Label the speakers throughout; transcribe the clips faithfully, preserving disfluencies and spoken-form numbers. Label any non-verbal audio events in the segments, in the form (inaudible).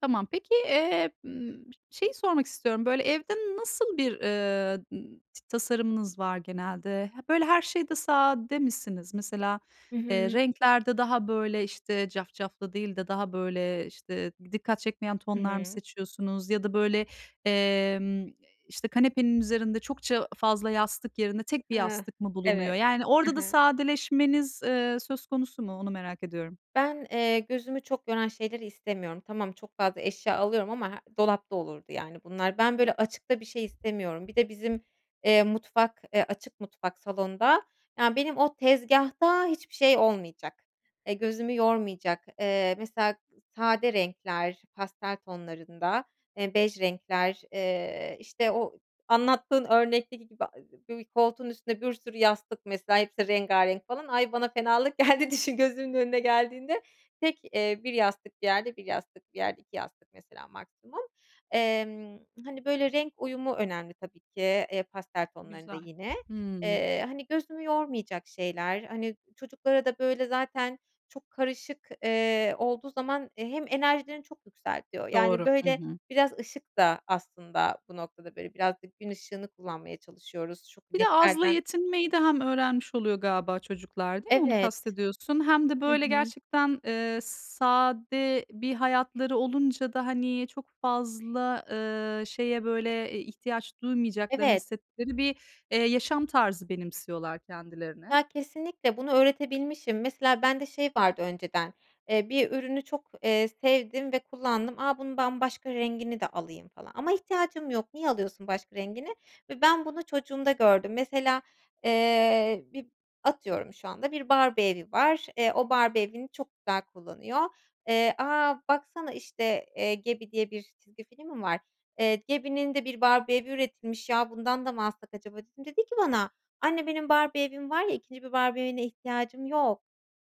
Speaker 1: Tamam. Peki, eee, ımm, şeyi sormak istiyorum. Böyle, evde nasıl bir, ııı, t tasarımınız var genelde? He, böyle, her şeyde sade misiniz? Mesela,
Speaker 2: Hı
Speaker 1: eee,
Speaker 2: hı.
Speaker 1: renklerde daha, böyle, işte, cafcaflı değil de daha, böyle, işte, dikkat çekmeyen
Speaker 2: I
Speaker 1: tonlar mı
Speaker 2: hı.
Speaker 1: seçiyorsunuz? Ya da, böyle, emm, işte, kanepenin üzerinde çokça fazla yastık yerine tek bir
Speaker 2: Heh,
Speaker 1: yastık mı bulunuyor?
Speaker 2: evet.
Speaker 1: Yani,
Speaker 2: He
Speaker 1: orada da
Speaker 2: he.
Speaker 1: sadeleşmeniz, eee, söz konusu mu? Onu merak ediyorum.
Speaker 2: Ben, eee, gözümü çok yoran şeyleri istemiyorum. Tamam, çok fazla eşya alıyorum ama he dolapta olurdu, yani, bunlar. Ben, böyle, açıkta bir şey istemiyorum. Bir de bizim, eee, mutfak, eee, açık mutfak, salonda, yani, benim o tezgâhta hiçbir şey olmayacak. Eee, gözümü yormayacak. Eee, mesela sade renkler, pastel tonlarında, eee, bej renkler, eee, işte, o anlattığın örnekteki gibi. (unintelligible) Bir koltuğun üstünde bir sürü yastık mesela hepsi rengârenk falan. Ay! bana fenalık geldi düşün, gözümün önüne geldiğinde. Tek, eee, bir yastık, bir yerde, bir yastık, bir yerde; iki yastık mesela maksimum. Emm, hani, böyle, renk uyumu önemli tabii ki, eee, pastel tonlarında
Speaker 1: Güzel.
Speaker 2: yine.
Speaker 1: Hımm.
Speaker 2: Eee, hani, gözümü yormayacak şeyler, hani, çocuklara da, böyle, zaten çok karışık, eee, olduğu zaman, eee, hem enerjilerini çok yükseltiyor. Yani,
Speaker 1: Doğru. Hı
Speaker 2: böyle,
Speaker 1: hı.
Speaker 2: biraz ışık da aslında bu noktada, böyle, biraz da gün ışığını kullanmaya çalışıyoruz.
Speaker 1: Bir de azla
Speaker 2: (unintelligible)
Speaker 1: yetinmeyi de hem öğrenmiş oluyor galiba çocuklar, değil mi onu
Speaker 2: Evet.
Speaker 1: kastediyorsun? Hem de,
Speaker 2: Hı
Speaker 1: böyle,
Speaker 2: hı.
Speaker 1: gerçekten, eee, s sade bir hayatları olunca da, hani, çok fazla, ııı, şeye, böyle, eee, ihtiyaç duymayacaklarını
Speaker 2: Evet.
Speaker 1: hissettikleri bir, eee, yaşam tarzı benimsiyorlar kendilerine.
Speaker 2: Ya, kesinlikle bunu öğretebilmişim. Mesela bende şey vardı önceden, eee, bir ürünü çok, eee, sevdim ve kullandım. A, bunun ben başka rengini de alayım falan ama ihtiyacım yok niye alıyorsun başka rengini ve ben bunu çocuğumda gördüm. Mesela, eee, bir atıyorum şu anda bir Barbie evi var, eee, o Barbie evini çok güzel kullanıyor. Eee, "A, baksana, işte, eee, Gabby diye bir çizgi film mi var? Eee, Gabby'nin de bir Barbie evi üretilmiş. Ya, bundan da mı alsak acaba?" dedim. Dedi ki bana: "Anne, benim Barbie evim var ya. ikinci bir Barbie evine ihtiyacım yok."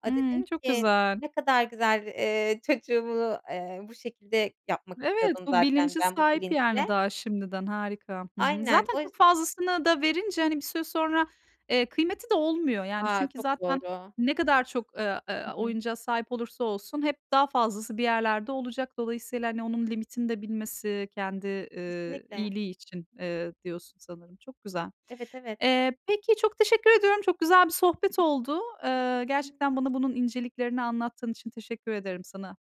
Speaker 2: Aaa,
Speaker 1: Iıı,
Speaker 2: dedim
Speaker 1: çok
Speaker 2: ki:
Speaker 1: güzel.
Speaker 2: "Ne kadar güzel." Eee, çocuğumu, eee, bu şekilde yapmak
Speaker 1: Evet,
Speaker 2: istiyordum
Speaker 1: bu
Speaker 2: zaten
Speaker 1: bilince
Speaker 2: ben bu
Speaker 1: sahip, yani,
Speaker 2: bilinçle.
Speaker 1: daha şimdiden. Harika. Hı hı.
Speaker 2: Aynen,
Speaker 1: Zaten
Speaker 2: o yüz
Speaker 1: çok fazlasını da verince, hani, bir süre sonra, eee, kıymeti de olmuyor. Yani,
Speaker 2: A,
Speaker 1: çünkü
Speaker 2: çok
Speaker 1: zaten
Speaker 2: doğru!
Speaker 1: ne kadar çok, eee, eee,
Speaker 2: Hı hı.
Speaker 1: oyuncağa sahip olursa olsun hep daha fazlası bir yerlerde olacak. Dolayısıyla, hani, onun limitini de bilmesi kendi, eee,
Speaker 2: Kesinlikle.
Speaker 1: iyiliği için, eee, diyorsun sanırım çok güzel.
Speaker 2: Evet, evet.
Speaker 1: Eee, peki, çok teşekkür ediyorum. Çok güzel bir sohbet oldu. Eee, gerçekten bana bunun inceliklerini anlattığın için teşekkür ederim sana.